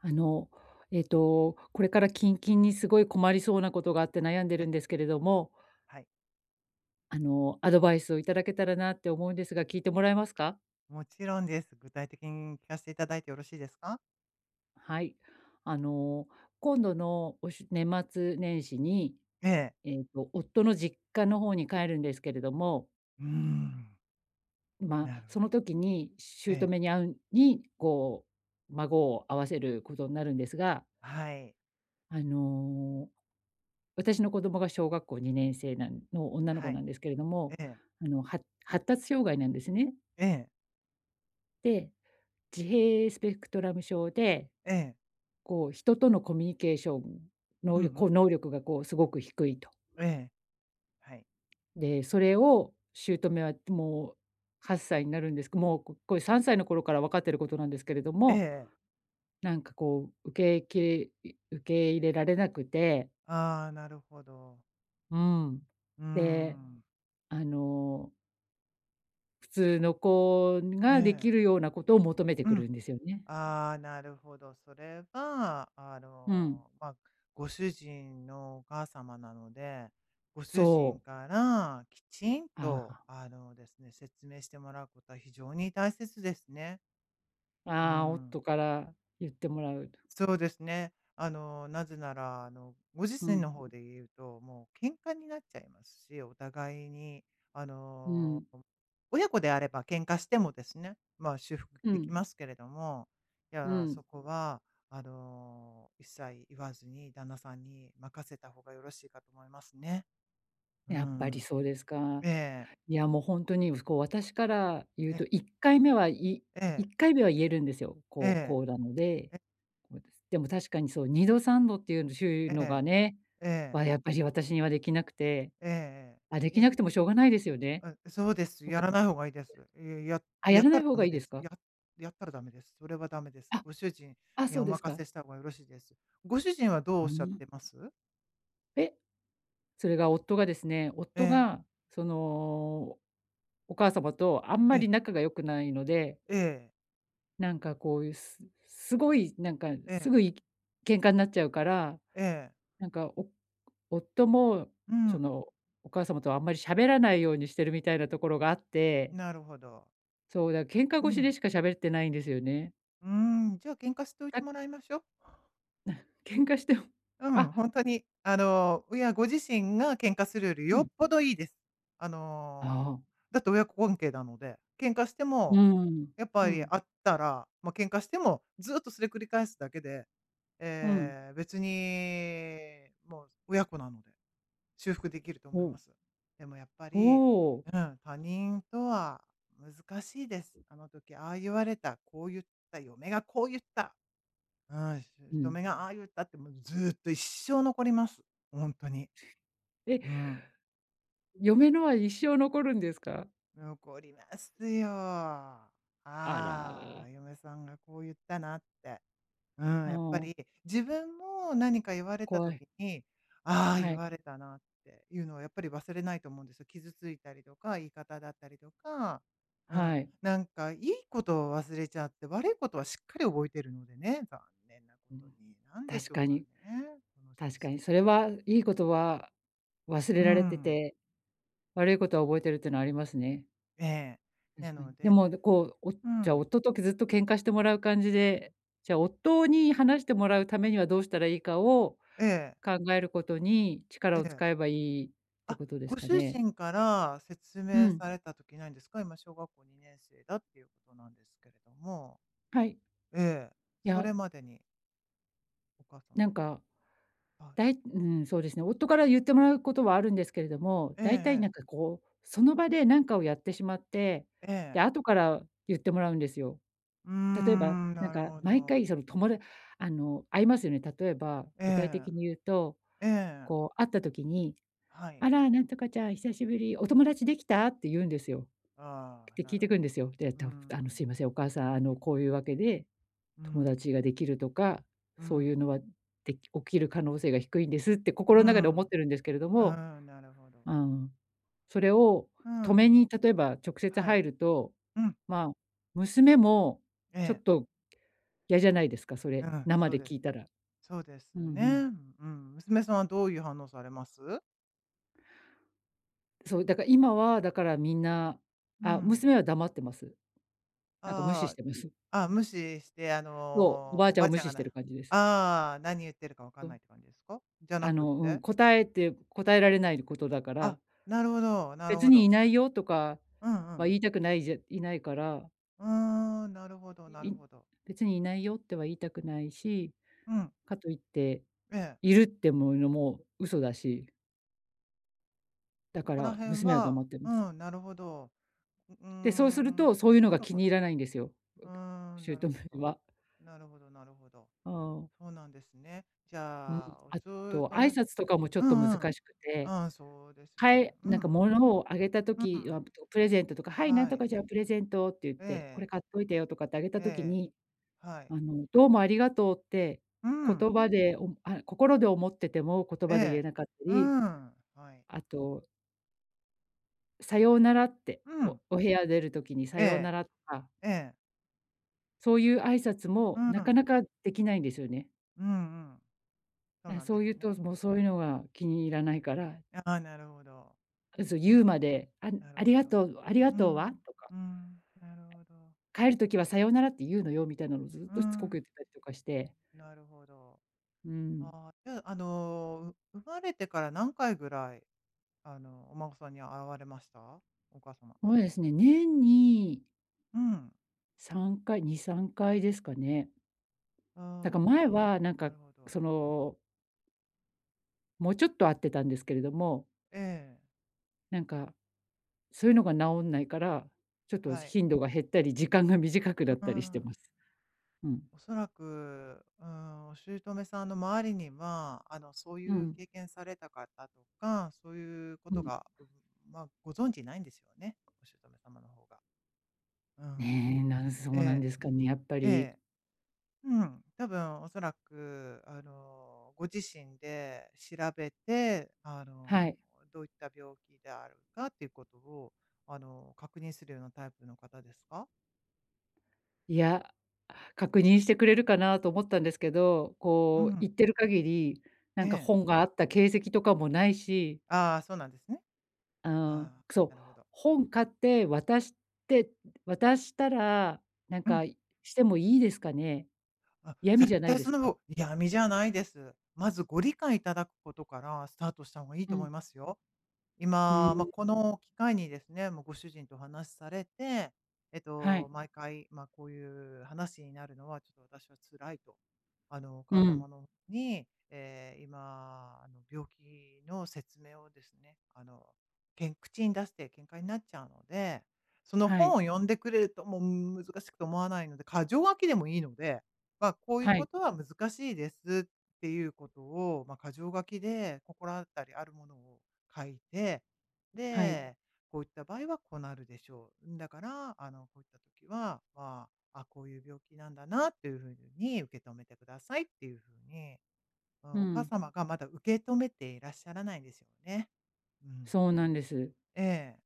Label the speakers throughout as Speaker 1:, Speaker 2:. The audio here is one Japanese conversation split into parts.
Speaker 1: あの、ええと、これから近々にすごい困りそうなことがあって悩んで
Speaker 2: え。
Speaker 1: るんですけれども。
Speaker 2: はい。
Speaker 1: あの、アドバイスをいただけたらなって思うんですが、聞いてもらえますか？
Speaker 2: もちろんです。具体的に聞かしていただいてよろしいですか？
Speaker 1: はい。あの、今度のおし年末年始に、
Speaker 2: ええ。
Speaker 1: ええと夫の実家の方に帰るんですけれども。
Speaker 2: うーん。
Speaker 1: んま、
Speaker 2: なるほ
Speaker 1: そ
Speaker 2: ど。
Speaker 1: の時に
Speaker 2: ええ。
Speaker 1: 姑に会うに、こう、孫を合わせることんなるんですが
Speaker 2: はい。
Speaker 1: あの、私の子供が小学校2年生なんの、女の
Speaker 2: は
Speaker 1: 子な
Speaker 2: い、
Speaker 1: んですけれども、
Speaker 2: ええ。
Speaker 1: あの、は発達障害なんですね。
Speaker 2: ええ。
Speaker 1: で、自閉スペクトラム症で、
Speaker 2: ええ。
Speaker 1: こう、人とのコミュニケーション
Speaker 2: う
Speaker 1: 能
Speaker 2: んう
Speaker 1: 力こう、
Speaker 2: ん。
Speaker 1: 能力がこう、すごく低いと。
Speaker 2: ええ、はい。
Speaker 1: で、それを、姑はもう、8歳になるんですけもう、ここれ3歳の頃からわかっていることなんですけれど
Speaker 2: え
Speaker 1: も、
Speaker 2: え。
Speaker 1: なんかこう、受けいきれ受け入れられなくて。
Speaker 2: ああ、なるほど。
Speaker 1: うん、
Speaker 2: うー
Speaker 1: で、
Speaker 2: ん。
Speaker 1: あの普通の子
Speaker 2: え
Speaker 1: ができ
Speaker 2: え。
Speaker 1: るようなことを求めて
Speaker 2: う
Speaker 1: く
Speaker 2: ん。
Speaker 1: るんですよね。
Speaker 2: ああ、なるほど、それが、あ
Speaker 1: うん。
Speaker 2: の、まあ、ご主人のお母様なので、ご主人
Speaker 1: そう。
Speaker 2: からきちん
Speaker 1: あ
Speaker 2: と
Speaker 1: あ。
Speaker 2: あのですね、説明してもらうことは非常に大切ですね。うー
Speaker 1: ああ、
Speaker 2: ん。
Speaker 1: 夫から言ってもらうと。
Speaker 2: そうですね。あの、なぜならあのご自
Speaker 1: う
Speaker 2: 身
Speaker 1: ん。
Speaker 2: の方で言うと、もう喧嘩になっちゃいますし。お互いにあ
Speaker 1: う
Speaker 2: の、
Speaker 1: ん。
Speaker 2: 親子であれば喧嘩してもですね、まあ修復
Speaker 1: う
Speaker 2: でき
Speaker 1: ん。
Speaker 2: ますけれども、い
Speaker 1: う
Speaker 2: や、そ
Speaker 1: ん。
Speaker 2: こはあの、一切言わずに旦那さんに任せた方がよろしいかと思いますね。う
Speaker 1: やっぱり
Speaker 2: ん。
Speaker 1: そうですか。
Speaker 2: ええ。
Speaker 1: いや、もう、ほんとに、うすこう、私から言う
Speaker 2: ええ。
Speaker 1: と、1回目はい
Speaker 2: え
Speaker 1: い
Speaker 2: え。
Speaker 1: っかいめは言えるんですよ。
Speaker 2: え
Speaker 1: こう
Speaker 2: え。
Speaker 1: こうなので。
Speaker 2: え。
Speaker 1: こうです。でも確かにそう、2度、３度っていうしゅいう
Speaker 2: え
Speaker 1: のが
Speaker 2: え、
Speaker 1: ね、
Speaker 2: ええ。
Speaker 1: わ、やっぱし私にはできなくて。
Speaker 2: ええ
Speaker 1: あ、で
Speaker 2: ええ。
Speaker 1: きな
Speaker 2: え。
Speaker 1: くてもしょうがないですよね。
Speaker 2: あ、そうです。
Speaker 1: ほ
Speaker 2: や
Speaker 1: か
Speaker 2: らない方がいいです。や
Speaker 1: あ、や
Speaker 2: やっ
Speaker 1: らな
Speaker 2: た
Speaker 1: い
Speaker 2: ら
Speaker 1: 方
Speaker 2: ダ
Speaker 1: が
Speaker 2: メ
Speaker 1: いい
Speaker 2: で
Speaker 1: です
Speaker 2: す。
Speaker 1: か？
Speaker 2: ややったらダメです。それはダメです。
Speaker 1: あ。
Speaker 2: ご主人
Speaker 1: あ、
Speaker 2: に
Speaker 1: そう
Speaker 2: お
Speaker 1: です
Speaker 2: 任
Speaker 1: か。
Speaker 2: せした方がよろしいです。ご主人はどうお
Speaker 1: う
Speaker 2: っ
Speaker 1: ー
Speaker 2: しゃっ
Speaker 1: ん。
Speaker 2: てます？
Speaker 1: で、それが、夫がですね、
Speaker 2: え
Speaker 1: 夫
Speaker 2: え。
Speaker 1: が、その、お母様とあん
Speaker 2: え
Speaker 1: ま
Speaker 2: え。
Speaker 1: り仲が良くないので
Speaker 2: ええ。
Speaker 1: なんか、こういう、すすごい、なんか、
Speaker 2: え
Speaker 1: すぐ
Speaker 2: え。
Speaker 1: に喧嘩になっちゃうから。
Speaker 2: ええ。
Speaker 1: なんか、お夫も、
Speaker 2: う
Speaker 1: そ
Speaker 2: ん。
Speaker 1: の、お母様とはあんまり喋らないようにしてるみたいなところがあって。
Speaker 2: なるほど。
Speaker 1: そう。だ、喧嘩
Speaker 2: う
Speaker 1: 腰
Speaker 2: ん。
Speaker 1: でしか喋ってないんですよね。
Speaker 2: うん、じゃあ、喧嘩しておいて
Speaker 1: あ。
Speaker 2: もらいましょ。
Speaker 1: 喧嘩しても
Speaker 2: うん。ほ
Speaker 1: あ。
Speaker 2: んとに、あの、うや、ご自身が喧嘩するより
Speaker 1: う
Speaker 2: よっ
Speaker 1: ん。
Speaker 2: ぽどいいです。あ
Speaker 1: あ
Speaker 2: の。
Speaker 1: あ。
Speaker 2: だって親子関係なので、喧嘩して
Speaker 1: うー
Speaker 2: も、
Speaker 1: ん。
Speaker 2: やっぱ
Speaker 1: う
Speaker 2: り
Speaker 1: ん。
Speaker 2: 会ったら、ま、喧嘩しても、ずっとそれ繰り返すだけで、
Speaker 1: うん。
Speaker 2: ええ、別にもう、親子なので、修復できると
Speaker 1: ほ
Speaker 2: 思いま
Speaker 1: お。
Speaker 2: す。でも、やっぱ
Speaker 1: ほ
Speaker 2: り、
Speaker 1: お。
Speaker 2: うん、他人とは難しいです。「あの時、ああ言われた」「こう言った」「嫁がこう言った」「ああ、
Speaker 1: う
Speaker 2: 姑
Speaker 1: ん。
Speaker 2: がああ言った」って、もう、ずっと一生残ります。ほんとに。
Speaker 1: え。
Speaker 2: うん。
Speaker 1: 嫁のは一生残るんですか？
Speaker 2: 残りますよ。「あ
Speaker 1: あら。
Speaker 2: あ、嫁さんがこう言ったな」って。うん、
Speaker 1: あ
Speaker 2: やっぱ
Speaker 1: あ。
Speaker 2: り、自分も何か言われた
Speaker 1: 怖い。
Speaker 2: 時に、「ああ、
Speaker 1: は
Speaker 2: 言
Speaker 1: い。
Speaker 2: われたな」っていうのはやっぱり忘れないと思うんですよ。傷ついたりとか、言い方だったりとか、うん、
Speaker 1: はい。
Speaker 2: なんか、いいことを忘れちゃって、悪いことはしっかり覚えているのでね、残念なこ
Speaker 1: う
Speaker 2: と
Speaker 1: ん、
Speaker 2: に、なんでし
Speaker 1: 確
Speaker 2: ょう
Speaker 1: か
Speaker 2: か
Speaker 1: に。
Speaker 2: ね、この習
Speaker 1: 確か
Speaker 2: 性。
Speaker 1: に、それは、いいことは忘
Speaker 2: うー
Speaker 1: れられて
Speaker 2: ん。
Speaker 1: て、悪いことは覚えてるっていうのはありますね。
Speaker 2: ええ、な
Speaker 1: 確かに。
Speaker 2: の
Speaker 1: で
Speaker 2: で
Speaker 1: も、どこう、おじ
Speaker 2: う
Speaker 1: ゃあ、
Speaker 2: ん。
Speaker 1: 夫とくずっと喧嘩してもらう感じで、じゃあ、夫に話してもらうためには、どうしたらいいかを
Speaker 2: ええ。
Speaker 1: 考えることに、力
Speaker 2: え
Speaker 1: を
Speaker 2: え。
Speaker 1: 使えばいいって
Speaker 2: あ、
Speaker 1: ことです
Speaker 2: ご
Speaker 1: か
Speaker 2: 主
Speaker 1: ね。
Speaker 2: 人から説
Speaker 1: う
Speaker 2: 明
Speaker 1: ん。
Speaker 2: された時ないんですか？今、小学校2年生だっていうことなんですけれども。
Speaker 1: はい。
Speaker 2: ええ、
Speaker 1: い
Speaker 2: そ
Speaker 1: や。
Speaker 2: れまでに。お母
Speaker 1: な
Speaker 2: 様
Speaker 1: ん
Speaker 2: には、
Speaker 1: か、
Speaker 2: あ。
Speaker 1: だいうーん。そうですね、夫から言ってもらうことはあるんですけれども、
Speaker 2: ええ
Speaker 1: 大体な
Speaker 2: ええ。
Speaker 1: んか、こう、その場でなんかをやってしまって、
Speaker 2: ええ。
Speaker 1: で、後から言ってもらうんですよ。
Speaker 2: うー
Speaker 1: 例えば、
Speaker 2: ん、
Speaker 1: なん
Speaker 2: なる
Speaker 1: か、
Speaker 2: ほ
Speaker 1: 毎
Speaker 2: ど。
Speaker 1: 回、その、ともだあの、会いますよね。例えば、
Speaker 2: え
Speaker 1: 具体
Speaker 2: え。
Speaker 1: 的に言うと、
Speaker 2: ええ。
Speaker 1: こう、会った時に
Speaker 2: はい。
Speaker 1: 「あら、なんとかちゃん久しぶり。お友達できた？」て言うんですよ。
Speaker 2: ああ、
Speaker 1: て
Speaker 2: な
Speaker 1: 聞い
Speaker 2: る
Speaker 1: てくん
Speaker 2: ほ
Speaker 1: です
Speaker 2: ど。
Speaker 1: よ。で、ええ
Speaker 2: うー
Speaker 1: と「あの、すい
Speaker 2: ん。
Speaker 1: ません、お母さん、あの、こういうわけで、
Speaker 2: うー
Speaker 1: 友
Speaker 2: ん。
Speaker 1: 達ができるとか、
Speaker 2: うー
Speaker 1: そうい
Speaker 2: ん。
Speaker 1: うのは、で起きる可能性が低いんです」て、
Speaker 2: う
Speaker 1: 心
Speaker 2: ー
Speaker 1: の中で思
Speaker 2: ん。
Speaker 1: っ
Speaker 2: う
Speaker 1: てるんですけれども、
Speaker 2: ーん。なるほど。
Speaker 1: ああ、それを
Speaker 2: うー
Speaker 1: 止め
Speaker 2: ん。
Speaker 1: に、例えば直接
Speaker 2: は
Speaker 1: 入
Speaker 2: い。
Speaker 1: ると、
Speaker 2: うん。
Speaker 1: まあ、娘も
Speaker 2: え
Speaker 1: ちょっ
Speaker 2: え。
Speaker 1: とやじゃないですか、そ
Speaker 2: う
Speaker 1: れ
Speaker 2: ん。
Speaker 1: 生
Speaker 2: そう
Speaker 1: で
Speaker 2: で
Speaker 1: 聞い
Speaker 2: す。
Speaker 1: たら。
Speaker 2: そうです
Speaker 1: う
Speaker 2: よ
Speaker 1: んう
Speaker 2: ね。
Speaker 1: ん。
Speaker 2: うん。娘さんはどういう反応されます？
Speaker 1: そう、だから今は、だからみんな
Speaker 2: う
Speaker 1: あ、
Speaker 2: ん。
Speaker 1: 娘は黙ってます。
Speaker 2: あ
Speaker 1: なんか無
Speaker 2: あ
Speaker 1: 視し
Speaker 2: あ
Speaker 1: てます。
Speaker 2: あ。あ、無視してあ
Speaker 1: そう。おば
Speaker 2: の、
Speaker 1: あ
Speaker 2: お
Speaker 1: ちゃ
Speaker 2: ば
Speaker 1: んを
Speaker 2: あ
Speaker 1: 無
Speaker 2: ちゃん
Speaker 1: 視
Speaker 2: が
Speaker 1: してる
Speaker 2: な
Speaker 1: 感じです。
Speaker 2: ああ、何言ってるかわか
Speaker 1: そ
Speaker 2: ん
Speaker 1: う。
Speaker 2: ないって感じですか？じゃな
Speaker 1: あ
Speaker 2: くっ
Speaker 1: の、うん。
Speaker 2: て？
Speaker 1: 答えて答えられないことだか
Speaker 2: あ、
Speaker 1: ら
Speaker 2: なるほど、なる
Speaker 1: 「別
Speaker 2: ほ
Speaker 1: に
Speaker 2: ど。
Speaker 1: いないよ」とか
Speaker 2: うんう
Speaker 1: は
Speaker 2: ん、う。
Speaker 1: 言いたくないじゃいないから
Speaker 2: うーん、なるほどな
Speaker 1: い
Speaker 2: るほど。
Speaker 1: 「別にいないよ」っては言いたくないし、
Speaker 2: うん。
Speaker 1: かといって
Speaker 2: ええ。
Speaker 1: 「いる」って、も、言うのも嘘だし。だ
Speaker 2: そ
Speaker 1: か
Speaker 2: こら
Speaker 1: ら、
Speaker 2: 辺
Speaker 1: 娘は
Speaker 2: は
Speaker 1: 黙ってるんす。
Speaker 2: うん、なるほど。ううー
Speaker 1: で、そうする
Speaker 2: ん、
Speaker 1: と、そういうの
Speaker 2: な
Speaker 1: が
Speaker 2: る
Speaker 1: 気
Speaker 2: ほ
Speaker 1: に入
Speaker 2: ど。
Speaker 1: らないんですよ。
Speaker 2: うーん、なる
Speaker 1: 姑
Speaker 2: ほど。
Speaker 1: は。
Speaker 2: なるほどなるほど。
Speaker 1: うん。
Speaker 2: そうなんですね。じ
Speaker 1: うん。
Speaker 2: ゃあ、おし
Speaker 1: あ
Speaker 2: ゅう
Speaker 1: と、
Speaker 2: と
Speaker 1: 挨
Speaker 2: め
Speaker 1: 拶とかもちょ
Speaker 2: う
Speaker 1: っと
Speaker 2: ん
Speaker 1: 難
Speaker 2: うん。
Speaker 1: しく
Speaker 2: う
Speaker 1: て、
Speaker 2: ん、そうです
Speaker 1: か
Speaker 2: ね。
Speaker 1: い
Speaker 2: うん
Speaker 1: なんか物をあげた
Speaker 2: うん。う
Speaker 1: 時は
Speaker 2: ん。
Speaker 1: プレゼントとか、「はい、なん
Speaker 2: は
Speaker 1: と
Speaker 2: い。
Speaker 1: かちゃんプレゼント」って言っ
Speaker 2: ええ
Speaker 1: て、「こ
Speaker 2: ええ。
Speaker 1: れ買っといたよ」とかってあげた時
Speaker 2: ええ。
Speaker 1: に、
Speaker 2: はい。
Speaker 1: あの、「どうもありがとう」って、
Speaker 2: う
Speaker 1: 言
Speaker 2: ん。
Speaker 1: 葉で、おあ心で思ってても言
Speaker 2: え
Speaker 1: 葉で言え
Speaker 2: え。
Speaker 1: なかった
Speaker 2: う
Speaker 1: り、
Speaker 2: ん。はい。
Speaker 1: あと「さようなら」って、
Speaker 2: う
Speaker 1: お
Speaker 2: ん。
Speaker 1: お部屋出る時にさ
Speaker 2: え
Speaker 1: ような
Speaker 2: え、
Speaker 1: らか。
Speaker 2: ええ。
Speaker 1: そういう挨拶
Speaker 2: う
Speaker 1: もなか
Speaker 2: ん。
Speaker 1: なかできないんですよね。
Speaker 2: うんうん。そう
Speaker 1: なん、
Speaker 2: なんで
Speaker 1: そう
Speaker 2: す
Speaker 1: 言う
Speaker 2: ね。
Speaker 1: と、そもうそういうのが気に入らないから。
Speaker 2: ああ、なるほど。
Speaker 1: あ、そう
Speaker 2: へ
Speaker 1: 言
Speaker 2: え、
Speaker 1: うまで「あん
Speaker 2: なる
Speaker 1: あり
Speaker 2: ほ
Speaker 1: が
Speaker 2: ど。
Speaker 1: とうありが
Speaker 2: う
Speaker 1: とうは？」
Speaker 2: ん、
Speaker 1: とか。
Speaker 2: うん、なるほど。
Speaker 1: 「帰る時はさようならって言うのよ」みたいなのをずっ
Speaker 2: う
Speaker 1: としつこく
Speaker 2: ん。
Speaker 1: 言ってたりとかして
Speaker 2: なるほど。
Speaker 1: うん。
Speaker 2: ああ、じゃあ、あの、生まれてから何回ぐらい、あの、お孫さんに会われました？お母様。
Speaker 1: そうですね、年に
Speaker 2: うん。
Speaker 1: 3回2、3回ですかね？な
Speaker 2: あ
Speaker 1: ん
Speaker 2: あ、
Speaker 1: か、前はなん
Speaker 2: な
Speaker 1: か、
Speaker 2: るほど。
Speaker 1: そのもうちょっと会ってたんですけれども。
Speaker 2: ええ。
Speaker 1: なんか、そういうのがなおんないから、ちょっと
Speaker 2: は
Speaker 1: し
Speaker 2: い。
Speaker 1: 頻度が減ったり時間が短くな
Speaker 2: う
Speaker 1: っ
Speaker 2: うー
Speaker 1: たりして
Speaker 2: ん。
Speaker 1: ます。うん。
Speaker 2: おそらく、うーん、お姑さんの周りには、あの、そう
Speaker 1: う
Speaker 2: いう
Speaker 1: ん。
Speaker 2: 経験された方とか、そういうこ
Speaker 1: う
Speaker 2: と
Speaker 1: ん。
Speaker 2: が、まあ、ご存知ないんですよね、お姑様の方が。うん。
Speaker 1: ね、なんそうなん
Speaker 2: え
Speaker 1: ですかね。やっぱ
Speaker 2: え。え
Speaker 1: り。
Speaker 2: え。うん、たぶんおそらく、あの、ご自身で調べて、あ
Speaker 1: は
Speaker 2: の、
Speaker 1: い。
Speaker 2: どういった病気であるかっていうことを、あの、確認するようなタイプの方ですか？
Speaker 1: いや、確認してくれるかなと思ったんですけど、
Speaker 2: う
Speaker 1: こう
Speaker 2: ん。
Speaker 1: 行ってる限り、な
Speaker 2: え
Speaker 1: んか
Speaker 2: え。
Speaker 1: 本があった形跡とかもないし。
Speaker 2: あ、そうなんですね。
Speaker 1: あ、
Speaker 2: あ、
Speaker 1: そう、
Speaker 2: なるほど。
Speaker 1: 本買って渡して渡したら、なん
Speaker 2: うん。
Speaker 1: か、してもいいですかね？
Speaker 2: あ、
Speaker 1: 嫌味
Speaker 2: 絶
Speaker 1: じゃない
Speaker 2: 対
Speaker 1: で
Speaker 2: そん
Speaker 1: す
Speaker 2: な
Speaker 1: か？
Speaker 2: ご、嫌味じゃないです。まず、ご理解いただくことからスタートした方がいい
Speaker 1: う
Speaker 2: と思い
Speaker 1: ん。
Speaker 2: ますよ。
Speaker 1: う
Speaker 2: 今、ま、
Speaker 1: ん。
Speaker 2: この機会にですね、もうご主人と話されて、えっ
Speaker 1: はい。
Speaker 2: と、毎回、ま、こういう話になるのは、ちょっと私は辛いと。あの、お
Speaker 1: う
Speaker 2: 母
Speaker 1: ん。
Speaker 2: 様のに、え、今あの、病気の説明をですね、あの、けん口に出して喧嘩になっちゃうので、その
Speaker 1: は
Speaker 2: 本
Speaker 1: い。
Speaker 2: を読んでくれると、もう難しくて思わないので、箇条書きでもいいので、ま、こういう
Speaker 1: は
Speaker 2: こ
Speaker 1: い。
Speaker 2: とは難しいですっていうことを、ま、箇条書きで心当たりあるものを書いて、
Speaker 1: はい。
Speaker 2: で「こういった場合はこうなるでしょう。だから、あの、こういった時は、ま、あ、こういう病気なんだなっていう風に受け止めてください」っていう風に、ま、
Speaker 1: う
Speaker 2: お母
Speaker 1: ん。
Speaker 2: 様がまだ受け止めていらっしゃらないですよね。うん。
Speaker 1: そうなんです。
Speaker 2: ええ。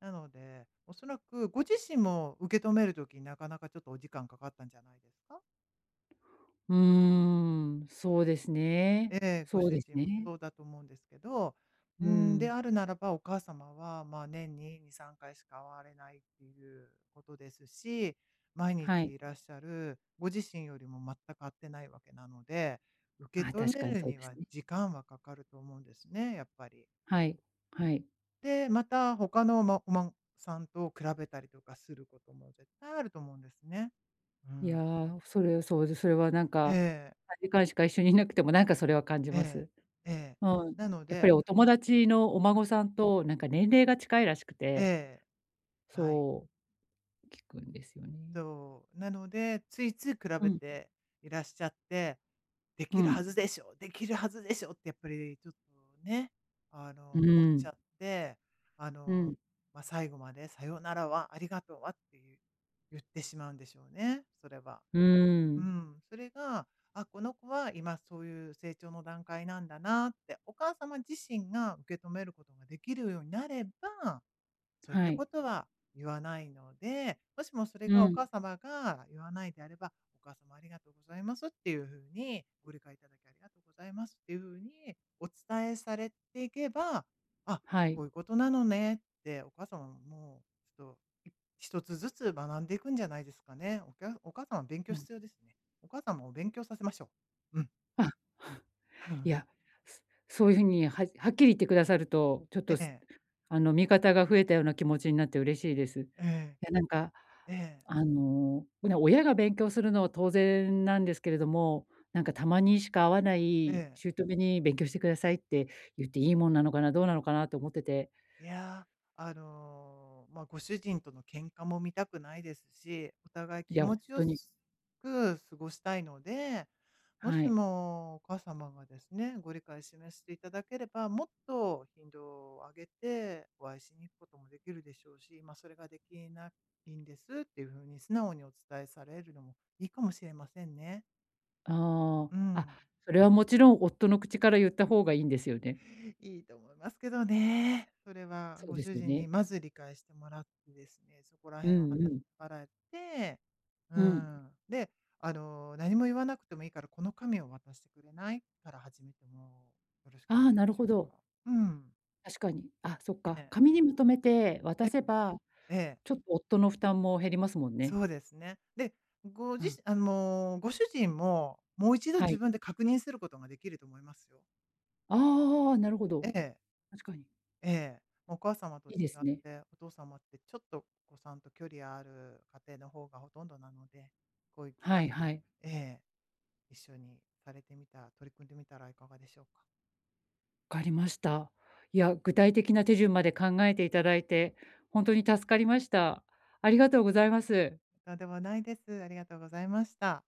Speaker 2: なので、おそらくご自身も、受け止める時になかなかちょっとお時間かかったんじゃないですか？
Speaker 1: うーん、そうです
Speaker 2: え
Speaker 1: ね。
Speaker 2: え。ご
Speaker 1: そう
Speaker 2: 主
Speaker 1: です
Speaker 2: 人も
Speaker 1: ね。
Speaker 2: そうだと思うんですけど、う
Speaker 1: う
Speaker 2: ーん、で
Speaker 1: ん。
Speaker 2: あるならば、お母様は、ま、年に2、3回しか会われないっていうことですし、毎
Speaker 1: は
Speaker 2: 日
Speaker 1: い。
Speaker 2: いらっしゃるご自身よりも全く会ってないわけなので、受
Speaker 1: あ、
Speaker 2: け止
Speaker 1: 確
Speaker 2: め
Speaker 1: かに
Speaker 2: る
Speaker 1: そう
Speaker 2: に
Speaker 1: です
Speaker 2: は
Speaker 1: ね。
Speaker 2: 時間はかかると思うんですね、やっぱり。
Speaker 1: はい、はい。
Speaker 2: で、また、他の、ま、お孫さんと比べたりとかすることも絶対あると思うんですね。う
Speaker 1: いや、
Speaker 2: ん。
Speaker 1: それはそうで、それはなん
Speaker 2: え
Speaker 1: か、
Speaker 2: え。
Speaker 1: 短時間しか一緒にいなくてもなんか、それは感じ
Speaker 2: え
Speaker 1: ま
Speaker 2: え、
Speaker 1: す。
Speaker 2: ええ。
Speaker 1: うん、
Speaker 2: なの
Speaker 1: やっぱ
Speaker 2: で
Speaker 1: りお友達のお
Speaker 2: うん。
Speaker 1: 孫さんとなんか年齢が近いらしくて
Speaker 2: ええ、はい。
Speaker 1: そう、聞くんですよね。
Speaker 2: そう。なので、ついつい比
Speaker 1: う
Speaker 2: べ
Speaker 1: ん。
Speaker 2: ていらっしゃって「で
Speaker 1: う
Speaker 2: きるは
Speaker 1: ん。
Speaker 2: ずでしょ？できるはずでしょ？」ってやっぱりちょっとね、あ
Speaker 1: う
Speaker 2: の、思っ
Speaker 1: ー
Speaker 2: ち
Speaker 1: ん。
Speaker 2: ゃって、あ
Speaker 1: う
Speaker 2: の、
Speaker 1: ん。
Speaker 2: ま、最後まで「さよならは？ありがとうは？」っていう、言ってしまうんでしょうね、それは。
Speaker 1: う
Speaker 2: まう
Speaker 1: ん。
Speaker 2: ん、それが「あ、この子は、今そういう成長の段階なんだな」って、お母様自身が受け止めることができるようになれば、そういっ
Speaker 1: は
Speaker 2: た
Speaker 1: い。
Speaker 2: ことは言わないので、もしもそれ
Speaker 1: う
Speaker 2: がお
Speaker 1: ん。
Speaker 2: 母様が言わないであれば「お母様ありがとうございます」っていうふうに、「ご理解いただきありがとうございます」っていうふうにお伝えされていけば「あ、
Speaker 1: は
Speaker 2: こ
Speaker 1: い。
Speaker 2: ういうことなのね」って、お母様もちょっと、い一つずつ学んでいくんじゃないですかね。おきゃお母さんは勉強
Speaker 1: うん。
Speaker 2: 必要ですね。お母さんもお勉強させましょう。うん。
Speaker 1: あ。
Speaker 2: ふ
Speaker 1: い
Speaker 2: ん。
Speaker 1: や、すそういう風にははっきり言ってくださると、ちょっ
Speaker 2: え
Speaker 1: と、す
Speaker 2: え。
Speaker 1: あの、味方が増えたような気持ちになって嬉しいです。い
Speaker 2: ええ。
Speaker 1: や、なんか、
Speaker 2: ええ。
Speaker 1: あの、うな親が勉強するのは当然なんですけれども、なんかたまにしか会わな
Speaker 2: え
Speaker 1: い
Speaker 2: え。
Speaker 1: 姑に「勉強してください」って言っていいもんなのかな、どうなのかなと思ってて。
Speaker 2: いや、あの、ま、ご主人との喧嘩も見たくないですし、お互い
Speaker 1: い
Speaker 2: 気
Speaker 1: や、ほ
Speaker 2: 持
Speaker 1: ん
Speaker 2: ち良
Speaker 1: とに。
Speaker 2: すく過ごしたいので、も
Speaker 1: は
Speaker 2: し
Speaker 1: い。
Speaker 2: もお母様がですね、ご理解示していただければ、もっと頻度を上げて、お会いしに行くことも出来るでしょうし、ま「それが出来ないんです」っていう風に素直にお伝えされるのもいいかもしれませんね。
Speaker 1: あ
Speaker 2: う
Speaker 1: あ。あ、
Speaker 2: ん。
Speaker 1: それはもちろん夫の口から言った方がいいんですよね？
Speaker 2: いいと思いますけどね。それは、
Speaker 1: そう
Speaker 2: ご
Speaker 1: で
Speaker 2: 主
Speaker 1: すよ
Speaker 2: 人
Speaker 1: ね。
Speaker 2: にまず理解してもらってですね、そこら
Speaker 1: う
Speaker 2: 辺をあ
Speaker 1: ん
Speaker 2: な
Speaker 1: うん。
Speaker 2: あらって、うー
Speaker 1: うん。
Speaker 2: ん、で、あの、何も言わなくてもいいから、この紙を渡してくれない？から始めても、よろしくな
Speaker 1: ああ、
Speaker 2: い
Speaker 1: な
Speaker 2: で
Speaker 1: る
Speaker 2: しょ
Speaker 1: ほ
Speaker 2: う
Speaker 1: ど。
Speaker 2: か。うん。
Speaker 1: 確かに。あ、そっ
Speaker 2: え
Speaker 1: か、
Speaker 2: え。
Speaker 1: 紙にまとめて
Speaker 2: え、
Speaker 1: 渡せば、
Speaker 2: ええ。
Speaker 1: ちょっと夫の負担も減りますもん
Speaker 2: そ
Speaker 1: ね。
Speaker 2: うですね。で、ご
Speaker 1: う
Speaker 2: じ
Speaker 1: ん。
Speaker 2: しあ、もう、ご主人も、もう一度
Speaker 1: は
Speaker 2: 自
Speaker 1: い。
Speaker 2: 分で確認することが出来ると思いますよ。
Speaker 1: ああ、なるほど。
Speaker 2: ええ。
Speaker 1: 確かに。
Speaker 2: ええ、お母様と
Speaker 1: いい
Speaker 2: 違
Speaker 1: で
Speaker 2: っ
Speaker 1: すね。
Speaker 2: て、お父様ってちょっとお子さんと距離ある家庭の方がほとんどなので、こういう機
Speaker 1: はい
Speaker 2: 会
Speaker 1: は
Speaker 2: に
Speaker 1: い。
Speaker 2: ええ。一緒にされてみた取り組んでみたらいかがでしょうか？
Speaker 1: 分かりました。いや、具体的な手順まで考えていただいて、ほんとに助かりました。ありがとうございます。
Speaker 2: とんでもないです。ありがとうございました。